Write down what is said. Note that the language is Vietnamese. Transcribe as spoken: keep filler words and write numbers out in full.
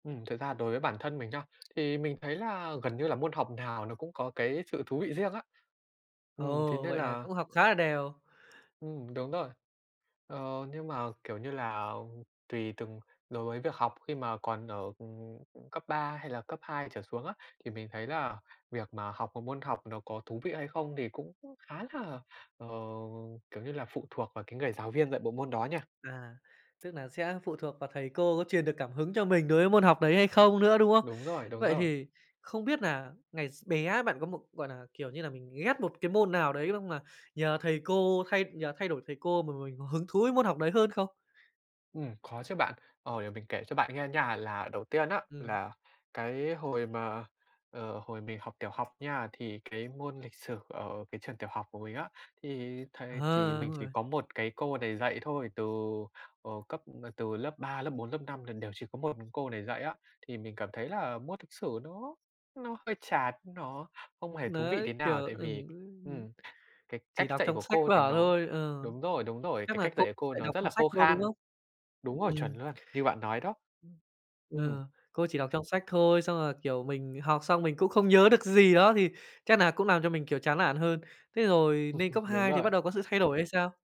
Ừm, thực ra đối với bản thân mình nha, thì mình thấy là gần như là môn học nào nó cũng có cái sự thú vị riêng á. Ừm, thế Ồ! nên Vậy nà là cũng học khá là đều. Ừm, đúng rồi. Ờ, nhưng mà, kiểu như là, tùy từng đối với việc học khi mà còn ở, ừm, cấp ba hay là cấp hai trở xuống á, thì mình thấy là việc mà học một môn học nó có thú vị hay không thì cũng khá là, ờ, kiểu như là, phụ thuộc vào cái người giáo viên dạy bộ môn đó nha. À, tức nà sẽ phụ thuộc vào thầy cô có truyền được cảm hứng cho mình đối với môn học đấy hay không nữa, đúng không? Đúng rồi, đúng Vậy rồi. thì không biết nà ngày x bé bạn có một, gọi nà, kiểu như là, mình ghét một cái môn nào đấy xong là nhờ thầy cô thay nhờ thay đổi thầy cô mà mình có hứng thú với môn học đấy hơn không? Ừm, có chứ bạn. Ờ, để mình kể cho bạn nghe nha. Là đầu tiên á, Ừm. là cái hồi mà, ờ, hồi mình học tiểu học nha, thì cái môn lịch sử ở cái trường tiểu học của mình á, thì thầy chỉ Ờ, mình đúng chỉ rồi. có một cái cô này dạy thôi, từ, ờ, cấp từ lớp ba, lớp bốn, lớp năm là đều chỉ có một mình cô này dạy á. Thì mình cảm thấy là môn lịch sử nó nó hơi chán, nó không hề thú vị tí Đấy, kiểu nào. Tại ừ, vì ưm, ưm, ừm, cái cách chỉ đọc dạy trong của sách cô thì vở nó thôi, ừ, đúng rồi, đúng rồi, chắc cái là cách cô dạy của cô dạy nó đọc rất là trong sách khô thôi, đúng khan. không? Đúng rồi, chuẩn Ừm. luôn, như bạn nói đó. [unintelligible] Ừm. Ờ, cô chỉ đọc trong sách thôi, xong rồi, kiểu, mình học xong mình cũng không nhớ được gì đó thì chắc nà cũng làm cho mình, kiểu, chán nản hơn. Thế rồi nên cấp Đúng hai thì bắt rồi. đầu có sự thay đổi hay sao?